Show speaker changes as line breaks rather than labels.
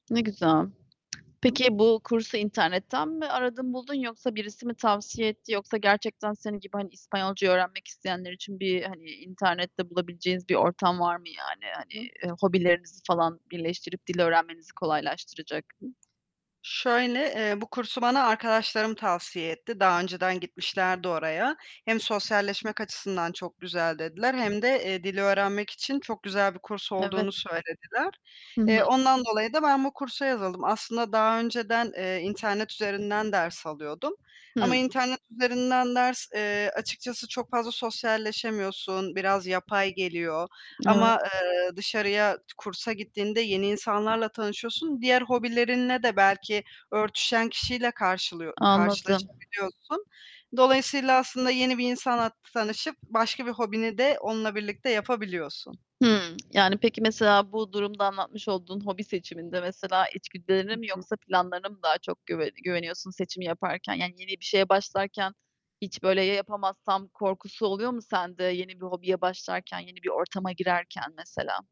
Ne güzel.
Hı.
Peki, bu kursu internetten mi aradın buldun yoksa birisi mi tavsiye etti, yoksa gerçekten senin gibi, hani, İspanyolcayı öğrenmek isteyenler için bir, hani, internette bulabileceğiniz bir ortam var mı, yani? Hani,
[unintelligible]
hobilerinizi falan birleştirip dil öğrenmenizi kolaylaştıracak
[unintelligible] Şöyle, eee, bu kursu bana arkadaşlarım tavsiye etti. Daha önceden gitmişlerdi oraya. Hem sosyalleşmek açısından çok güzel dediler hem de, eee, dili öğrenmek için çok güzel bir kurs olduğunu
Evet.
söylediler.
Hı hı.
Eee, ondan dolayı da ben bu kursa yazıldım. Aslında daha önceden, eee, internet üzerinden ders alıyordum ama
Hıı.
internet üzerinden ders, eee açıkçası çok fazla sosyalleşemiyorsun, biraz yapay geliyor ama,
Evet.
eee, t dışarıya kursa gittiğinde yeni insanlarla tanışıyorsun. Diğer hobilerinle de belki örtüşen kişiyle karşılıyo
Anladım.
karşılaşabiliyorsun. Dolayısıyla, aslında yeni bir insanla tanışıp başka bir hobini de onunla birlikte yapabiliyorsun.
Hıı, yani, peki, mesela bu durumda anlatmış olduğun hobi seçiminde, mesela, içgüdülerine
Hı
mi,
hı.
yoksa planlarına mı daha çok güve güveniyorsun seçim yaparken? Yani, yeni bir şeye başlarken hiç böyle, yapamazsam korkusu oluyor mu sende yeni bir hobiye başlarken, yeni bir ortama girerken mesela?